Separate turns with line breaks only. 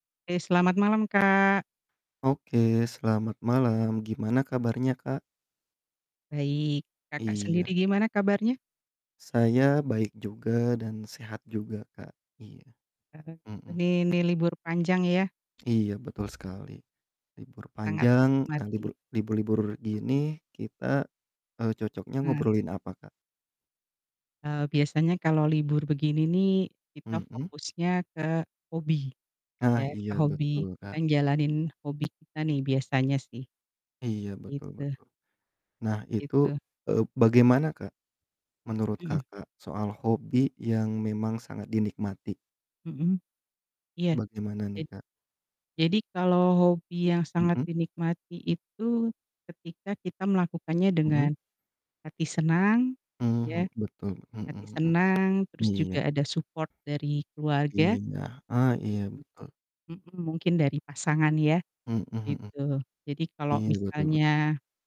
Ke, selamat malam, Kak.
Oke, selamat malam, gimana kabarnya, Kak?
Baik, Kakak
Iya.
sendiri gimana kabarnya?
Saya baik juga dan sehat juga, Kak, iya,
Heeh,
mhm.
ini nih libur panjang ya.
Iya, betul sekali. Libur
Sangat
panjang, nah libur
menikmati.
libur-libur gini kita, eee, cocoknya
Heeh.
ngobrolin apa, Kak?
Eee, biasanya kalo libur begini nih kita
Mhm.
fokusnya ke hobi,
Ah,
ya
iya
ke hobi
betul, Kak.
dan jalanin hobi kita nih biasanya sih.
Iya, betul
Gitu.
betul. Nah, itu,
Itu.
eee, bagaimana, Kak, menurut
Mhm.
Kakak soal hobi yang memang sangat dinikmati?
Mhm. Iya,
Bagaimana nih,
jad
Kak?
jadi kalau hobi yang sangat
Mhm.
dinikmati itu, ketika kita melakukannya dengan
Mhm.
hati senang, ya,
Mhm, betul, mhm
hati
mhm,
senang terus
iya.
juga ada support dari keluarga.
Iya, ah,
Jadi
iya, betul.
mhm, mungkin dari pasangan ya,
Mhm mhm.
gitu. Jadi kalo
Iya betul betul.
misalnya